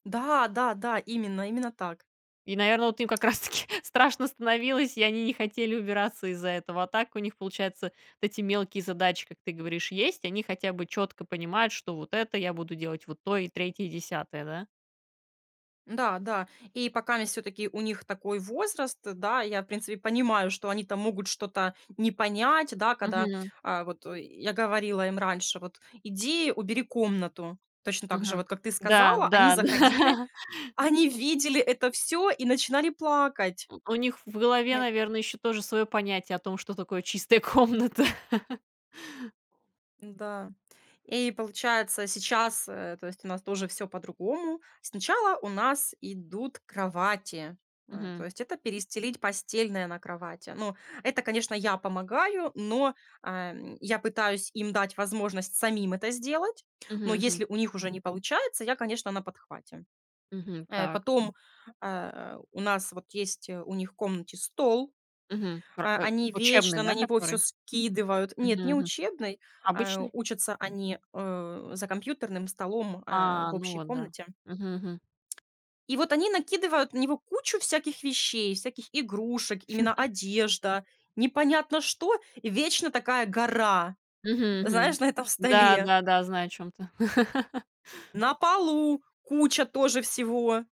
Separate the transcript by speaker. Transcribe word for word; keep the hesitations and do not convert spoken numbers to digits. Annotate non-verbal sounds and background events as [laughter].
Speaker 1: Да-да-да, именно именно так.
Speaker 2: И, наверно, вот им как раз таки страшно становилось, и они не хотели убираться из-за этого, а так у них, получается, вот эти мелкие задачи, как ты говоришь, есть, они хотя бы чётко понимают, что вот это я буду делать, вот то и третье, десятое, да?
Speaker 1: Н-да, да, и покаместь всё-таки у них такой возраст, да, я в принципе понимаю, что они там могут что-то не понять, да, когда,
Speaker 2: Мгм.
Speaker 1: а, вот и я говорила им раньше, вот: "Иди, убери комнату",- точно так же,
Speaker 2: Мгм.
Speaker 1: вот как ты
Speaker 2: Да,
Speaker 1: сказала, они
Speaker 2: да, да.
Speaker 1: заходили,
Speaker 2: [chuckles]
Speaker 1: они видели это всё и начинали плакать.
Speaker 2: У них в голове,
Speaker 1: Нет.
Speaker 2: наверно, ещё тоже своё понятие о том, что такое чистая комната.
Speaker 1: Да. И получается сейчас, э, то есть у нас тоже всё по-другому. Сначала у нас идут кровати, э,
Speaker 2: Мгм.
Speaker 1: то есть это перестелить постельное на кровати. Ну, это, конечно, я помогаю, но, эм, я пытаюсь им дать возможность самим это сделать, но
Speaker 2: Мгм мгм.
Speaker 1: если у них уже не получается, я, конечно, на подхвате.
Speaker 2: Мгм.
Speaker 1: Э,
Speaker 2: Так.
Speaker 1: потом, э, у нас вот есть, э, у них в комнате стол,
Speaker 2: Мгм. Пр
Speaker 1: э,
Speaker 2: э,
Speaker 1: они
Speaker 2: учебный,
Speaker 1: вечно на
Speaker 2: да,
Speaker 1: него всё
Speaker 2: который?
Speaker 1: скидывают. Нет,
Speaker 2: Мгм
Speaker 1: не
Speaker 2: мгм.
Speaker 1: учебный, э,
Speaker 2: Обычный?
Speaker 1: учатся они, э, за компьютерным столом, э,
Speaker 2: А,
Speaker 1: в
Speaker 2: ну
Speaker 1: общей
Speaker 2: вот, да.
Speaker 1: комнате.
Speaker 2: Мгм мгм.
Speaker 1: И вот они накидывают на него кучу всяких вещей, всяких игрушек, именно
Speaker 2: [chuckles]
Speaker 1: одежда, непонятно что, вечно такая гора,
Speaker 2: Мгм мгм.
Speaker 1: знаешь, на этом столе.
Speaker 2: Да-да-да, знаю, о чём ты. [chuckles]
Speaker 1: На полу куча тоже всего.